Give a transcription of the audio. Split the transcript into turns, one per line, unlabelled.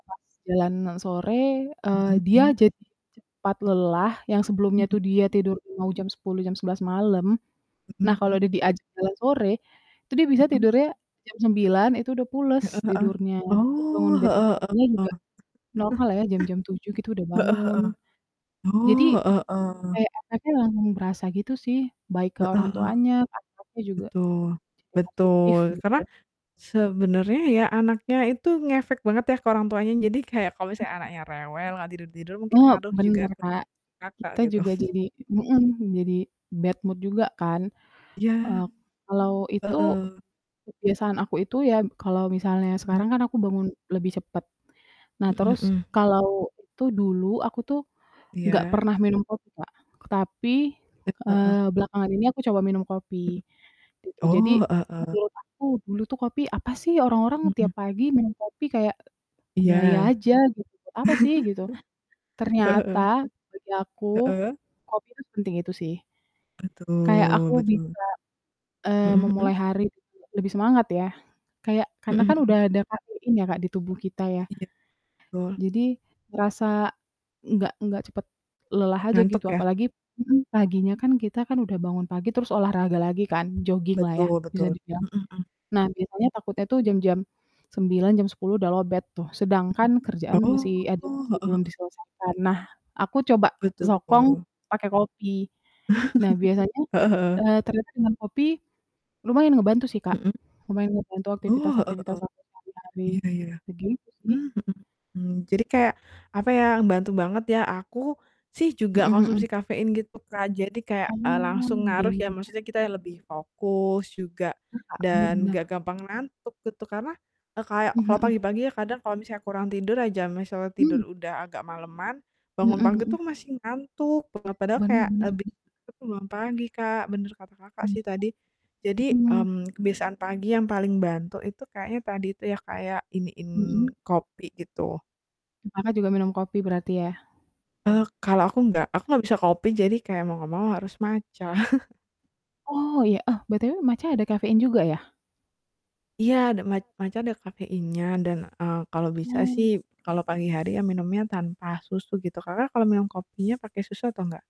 Pas jalanan sore, eee,
Mhm,
dia
mmm.
jadi cepat lelah, yang sebelumnya itu dia
Mhm.
tidur mau jam 10, jam 11 malam.
Mhm
Nah kalau
mhm.
dia diajak jalan sore, itu dia bisa
Mhm.
tidurnya jam 9, itu udah pules,
Heeh heeh.
tidurnya. Jadi
Oh,
bangun besok
heeh
paginya
heeh.
juga normal ya, jam-jam 7 gitu udah
Heeh
bangun.
heeh.
Jadi
Oh, heeh heeh.
kayak efeknya langsung berasa gitu sih, baik ke
Heeh
orang
heeh.
tuanya, anak-anaknya juga.
Betul,
Cepet adiktif,
betul,
gitu.
karena sebenarnya, ya, anaknya itu ngefek banget ya ke orang tuanya. Jadi kayak kalau misalnya
Kenapa?
anaknya rewel, gak tidur-tidur mungkin
Oh,
ngaruh juga
bener
ke
Kak,
Kakak
kita
gitu.
juga jadi mhm, jadi bad mood juga kan.
Iya.
Eee, kalau itu
Heeh.
kebiasaan aku itu ya, kalau misalnya
Mmm.
sekarang kan aku bangun lebih cepet. Nah,
Mhm
terus
mhm.
kalau itu dulu aku tuh gak
Iya.
pernah minum kopi Kak, tapi,
Ep heeh.
eee, belakangan ini aku coba minum kopi,
Mhm.
gitu. Jadi
Oh, heeh heeh.
menurut aku dulu tuh kopi, "Apa sih orang-orang
Mhm.
tiap pagi minum kopi, kayak
Iya.
gaya aja gitu, apa sih?" gitu.
Heeh heeh.
Ternyata, bagi aku,
Heeh.
kopi itu sepenting itu sih. Kayak aku
Betul betul.
bisa, eee,
Mhm mhm.
memulai hari gitu ya, lebih semangat ya. Kayak karena
Mhm
kan
mhm.
udah ada kafein ya Kak, di tubuh kita ya.
Iya, betul.
Jadi rasa nggak nggak cepet lelah aja
Ngantuk
gitu.
ya?
Apalagi mhm, paginya kan, kita kan udah bangun pagi terus olahraga lagi kan, joginglah ya,
Betul
bisa
betul,
dibilang.
mhm mhm.
Nah biasanya takutnya tuh jam-jam 9, jam 10 udah lowbat tuh, sedangkan
Mhm.
kerjaan masih
Oh,
ada
heeh
masih belum
heeh.
diselesaikan. Nah, aku coba
Betul.
sokong pake kopi. Nah, biasanya
Heeh heeh.
eee, ternyata dengan kopi lumayan ngebantu sih Kak.
Mhm.
Lumayan ngebantu
Oh, heeh
aktivitas-aktivitas
heeh.
aku sehari-hari.
Iya iya.
Begitu
Mmm,
sih.
mhm mhm. Jadi, kayak apa ya, bantu banget ya. Aku sih juga
Mhm mhm.
konsumsi kafein gitu Kak, jadi kayak, eee,
Oh,
langsung ngaruh
game
ya,
ya?
maksudnya kita lebih fokus, juga
Iya, Kak, bener
dan
bener.
enggak gampang ngantuk gitu. Karena eee, kayak
Mhm
kalau
mhm.
pagi-pagi ya, kadang kalau misalnya kurang tidur aja, misalnya tidur
Hmm.
udah agak maleman, bangun
Mhm
pagi
mhm.
tuh masih ngantuk banget. Padahal
Bener
kayak
bener.
[unintelligible]
Hmm.
bangun pagi Kak, bener kata Kakak
Hmm,
sih tadi. Jadi,
mhm.
mmm, kebiasaan pagi yang paling bantu itu kayaknya tadi tuh ya, kayak iniin
Mhm.
kopi gitu.
M Kakak juga minum kopi berarti ya?
Eee, kalau aku nggak. Aku nggak bisa kopi, jadi kayak mau enggak mau harus matcha.
Oh, iya. Oh, BTW matcha ada kafein juga ya?
Iya, ada mat matcha ada kafeinnya dan, eee, kalau bisa sih
Oh.
kalau pagi hari ya minumnya tanpa susu gitu. Kakak kalau minum kopinya pake susu atau enggak?